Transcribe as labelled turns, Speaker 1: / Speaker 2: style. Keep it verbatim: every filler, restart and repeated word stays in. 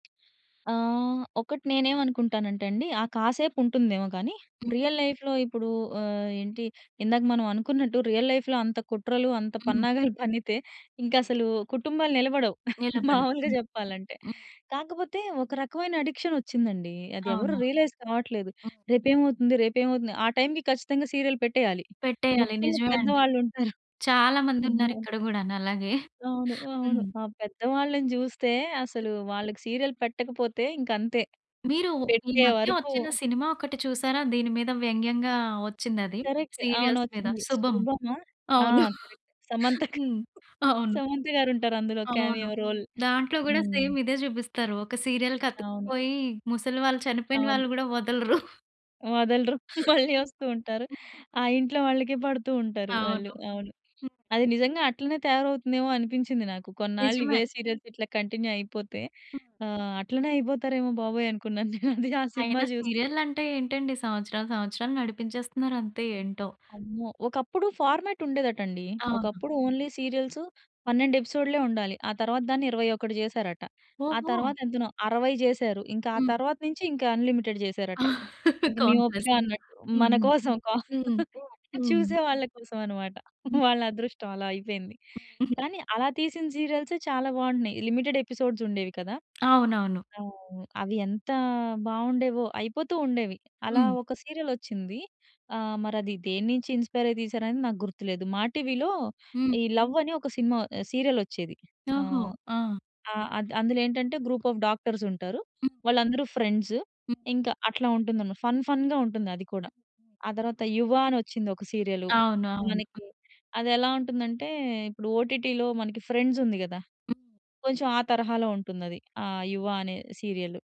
Speaker 1: ఆహ్, ఒకటి నేనేమనుకుంటానంటే అండి. ఆ కాసేపు ఉంటుందేమో గానీ రియల్ లైఫ్‌లో ఇప్పుడు ఆహ్, ఏంటి ఇందాక మనం అనుకున్నట్టు రియల్ లైఫ్‌లో అంత కుట్రలు అంత
Speaker 2: హ్మ్.
Speaker 1: పన్నాగాలు పన్నితే ఇంక అసలు కుటుంబాలు నిలబడవు. మామూలుగా
Speaker 2: నిలబడవు.
Speaker 1: చెప్పాలంటే కాకపోతే ఒక రకమైన అడిక్షన్ వచ్చిందండి. అది ఎవరు
Speaker 2: అవునా?
Speaker 1: రియలైస్ కావట్లేదు.
Speaker 2: ఆ!
Speaker 1: రేపేమవుతుంది. రేపేమవుతుంది. ఆ టైమ్‌కి ఖచ్చితంగా సీరియల్ పెట్టేయాలి.
Speaker 2: పెట్టేయాలి
Speaker 1: ముఖ్యంగా
Speaker 2: నిజమే అండి.
Speaker 1: పెద్దవాళ్ళు ఉంటారు.
Speaker 2: చాలా మంది ఉన్నారు
Speaker 1: అమ్మో!
Speaker 2: ఇక్కడ గూడాను అలాగే.
Speaker 1: అవును. అవును.
Speaker 2: హ్మ్.
Speaker 1: ఆ పెద్దవాళ్ళని జూస్తే అసలు వాళ్ళకి సీరియల్ పెట్టకపోతే ఇంకంతే!
Speaker 2: మీరు ఈ
Speaker 1: పెట్టే
Speaker 2: మధ్య
Speaker 1: వరకూ
Speaker 2: వచ్చిన సినిమా ఒకటి చూసారా? దీని మీద వ్యంగ్యంగా వచ్చిందది.
Speaker 1: కరెక్ట్. అవును.
Speaker 2: సీరియల్స్ మీద.
Speaker 1: వచ్చింది.
Speaker 2: 'శుభం'
Speaker 1: శుభమా? ఆ!
Speaker 2: అవును.
Speaker 1: కరెక్ట్ సమంత గా
Speaker 2: హ్మ్. అవును.
Speaker 1: సమంత గారుంటారు అందులో
Speaker 2: అవును.
Speaker 1: Cameo role.
Speaker 2: దాంట్లో గూడా
Speaker 1: హ్మ్.
Speaker 2: సేమ్ ఇదే చూపిస్తారు. ఒక సీరియల్‌కి
Speaker 1: అవును.
Speaker 2: అతుక్కుపోయి ముసలి వాళ్ళు చనిపోయిన
Speaker 1: అవును.
Speaker 2: వాళ్ళు గూడా వదలరు.
Speaker 1: వదలరు. మళ్ళీ వస్తూ ఉంటారు. ఆ ఇంట్లో వాళ్ళకే పడుతూ ఉంటారు వాళ్ళు.
Speaker 2: అవును.
Speaker 1: అవును.
Speaker 2: హ్మ్.
Speaker 1: అది నిజంగా అట్లనే తయారవుతుందేమో అనిపించింది నాకు. కొన్నాళ్ళు ఇవే
Speaker 2: నిజమే.
Speaker 1: సీరియల్స్ ఇట్లా కంటిన్యూ అయిపోతే,
Speaker 2: హ్మ్.
Speaker 1: ఆహ్, అట్లనే అయిపోతారేమో బాబోయ్! అనుకున్నాను నేనది ఆ సినిమా
Speaker 2: అయినా
Speaker 1: జూసి.
Speaker 2: సీరియల్ అంటే ఏంటండి? సంవత్సరాలు సంవత్సరాలు నడిపించేస్తున్నారు అంతే ఏంటో?
Speaker 1: అమ్మో! ఒకప్పుడు ఫార్మాట్ ఉండేదట అండి.
Speaker 2: అవును.
Speaker 1: ఒకప్పుడు ఓన్లీ సీరియల్స్ పన్నెండు ఎపిసోడ్లే ఉండాలి. ఆ తరువాత దాన్ని ఇరవై ఒకటి జేసారట. ఆ
Speaker 2: ఓహో!
Speaker 1: తరువాత ఎంతనో? అరవై జేసారు. ఇంకా ఆ
Speaker 2: హ్మ్.
Speaker 1: తరువాత నుంచి ఇంక అన్‌లిమిటెడ్ జేసారట. ఇది మీ ఓపిక
Speaker 2: కాంప్లెస్.
Speaker 1: అన్నట్టు!
Speaker 2: హ్మ్.
Speaker 1: మన
Speaker 2: హ్మ్.
Speaker 1: కోసం కా
Speaker 2: హ్మ్. హ్మ్.
Speaker 1: చూసే వాళ్ళ కోసం అన్నమాట. వాళ్ళ అదృష్టం అలా అయిపోయింది. కానీ అలా తీసిన సీరియల్సే చాలా బావుంటున్నాయి. లిమిటెడ్ ఎపిసోడ్స్ ఉండేవి కదా!
Speaker 2: అవునవును.
Speaker 1: ఆ! అవి ఎంత బావుండేవో. అయిపోతూ ఉండేవి. అలా
Speaker 2: హ్మ్.
Speaker 1: ఒక సీరియల్ వచ్చింది. ఆహ్, మరి అది దేన్నించి ఇన్‌స్పైర్ అయి తీశారు అని నాకు గుర్తులేదు. మా టీవీ‌లో
Speaker 2: హ్మ్.
Speaker 1: ఈ లవ్ అని ఒక సినిమా ఆహ్, సీరియల్ వచ్చేది.
Speaker 2: ఓహో!
Speaker 1: ఆహ్,
Speaker 2: ఆ!
Speaker 1: ఆ! అద్ అందులో ఏంటంటే గ్రూప్ ఆఫ్ డాక్టర్స్ ఉంటారు. వాళ్ళందరూ ఫ్రెండ్స్. ఇంకా అట్లా ఉంటుందన్నమాట. ఫన్ ఫన్‌గా ఉంటుంది అది కూడా. ఆ తరువాత 'యువ' అని వచ్చింది ఒక సీరియలు. మనకి
Speaker 2: అవునవును.
Speaker 1: అది ఎలా ఉంటుందంటే ఇప్పుడు ఓటిటి‌లో మనకి ఫ్రెండ్స్ ఉంది గదా!
Speaker 2: హ్మ్.
Speaker 1: కొంచెం ఆ తరహాలో ఉంటుందది. ఆ 'యువ' అనే సీరియలు.